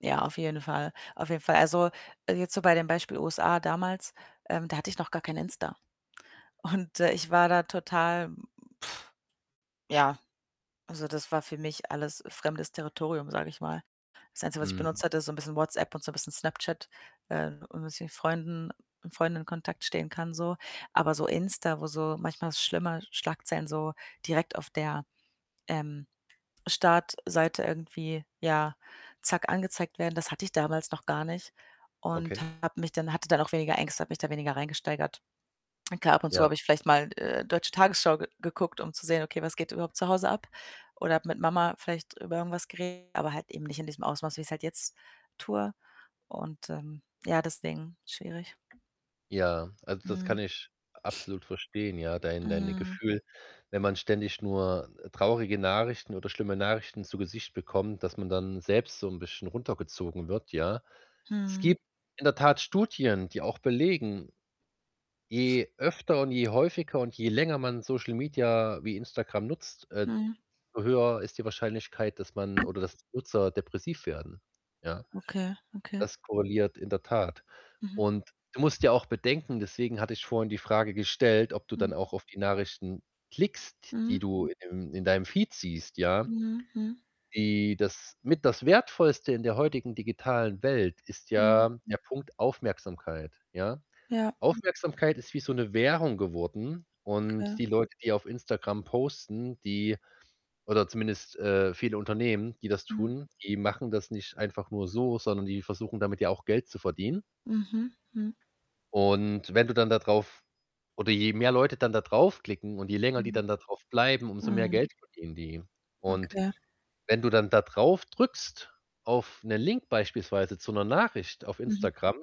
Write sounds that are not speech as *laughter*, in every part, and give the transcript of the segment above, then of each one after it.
Ja, auf jeden Fall. Auf jeden Fall. Also, jetzt so bei dem Beispiel USA damals, ähm, da hatte ich noch gar kein Insta. Und, äh, ich war da total, hm, hm, *blows air* ja, also, das war für mich alles fremdes Territorium, sage ich mal. Das Einzige, was ich Mhm. benutzt hatte, ist so 'n bisschen WhatsApp und so 'n bisschen Snapchat, äh *unintelligible* Freunden mit Freunden in Kontakt stehen kann so. Aber so Insta, wo so manchmal schlimme Schlagzeilen so direkt auf der, ähm, Startseite irgendwie, ja, zack, angezeigt werden, das hatte ich damals noch gar nicht und Okay. habe mich dann hatte dann auch weniger Ängste, habe mich da weniger reingesteigert. Klar, ab und zu Ja. habe ich vielleicht mal, äh, deutsche Tagesschau ge geguckt, um zu sehen: „Okay, was geht überhaupt zu Hause ab?“ Oder mit Mama vielleicht über irgendwas geredet, aber halt eben nicht in diesem Ausmaß, wie ich's halt jetzt tue und, ähm, ja, deswegen schwierig. Ja, also, das kann Mhm. ich absolut verstehen, ja, dein deine Mhm. Gefühl, wenn man ständig nur, äh, traurige Nachrichten oder schlimme Nachrichten zu Gesicht bekommt, dass man dann selbst so 'n bisschen runtergezogen wird, ja? Es Mhm. gibt in der Tat Studien, die auch belegen, je öfter und je häufiger und je länger man Social Media wie Instagram nutzt, äh, d Mhm. so höher ist die Wahrscheinlichkeit, dass man oder dass Nutzer depressiv werden, ja? Okay, okay. Das korreliert in der Tat Mhm. und du musst ja auch bedenken, deswegen hatte ich vorhin die Frage gestellt, ob du dann Mhm. auch auf die Nachrichten klickst, die Mhm. du im in deinem Feed siehst, ja? Mhm, mhm. Die das mit das Wertvollste in der heutigen digitalen Welt ist Mhm. ja der Punkt Aufmerksamkeit, ja? Ja. Aufmerksamkeit ist wie so 'ne Währung geworden und Okay. die Leute, die auf Instagram posten, die oder zumindest, äh, viele Unternehmen, die das Mhm. tun, die machen das nicht einfach nur so, sondern die versuchen damit ja auch Geld zu verdienen. Mhm, hm. Und wenn du dann da drauf oder je mehr Leute dann da drauf klicken und je länger die Mhm. dann da drauf bleiben, umso mehr Mhm. Geld verdienen die und Okay. wenn du dann da drauf drückst auf 'ne Link beispielsweise zu 'ner Nachricht auf Mhm. Instagram,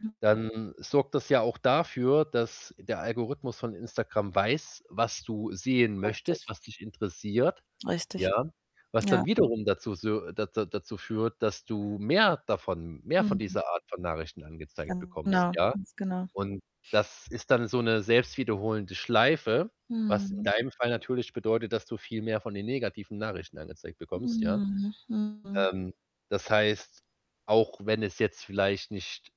Hm. dann sorgt das ja auch dafür, dass der Algorithmus von Instagram weiß, was du sehen möchtest, Richtig. was dich interessiert, Richtig. ja, was Ja. dann wiederum dazu sühr da da dazu führt, dass du mehr davon mehr von Mhm. dieser Art von Nachrichten angezeigt bekommst, Genau, ja? ganz genau. Und das ist dann so 'ne selbst wiederholende Schleife, was in Mhm. deinem Fall natürlich bedeutet, dass du viel mehr von den negativen Nachrichten angezeigt bekommst, ja? Mhm, mhm. Ähm, das heißt, auch wenn es jetzt vielleicht nicht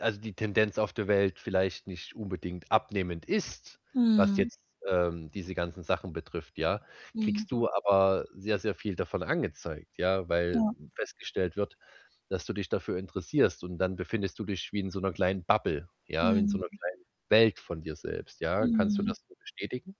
also, die Tendenz auf der Welt vielleicht nicht unbedingt abnehmend ist, was Mhm. jetzt, ähm, diese ganzen Sachen betrifft, ja, Mhm. kriegst du aber sehr, sehr viel davon angezeigt, ja, weil Ja. festgestellt wird, dass du dich dafür interessierst und dann befindest du dich wie in so 'ner kleinen Bubble, ja, wie in so 'ner Mhm. kleinen Welt von dir selbst, ja? Kannst du Mhm. das so bestätigen?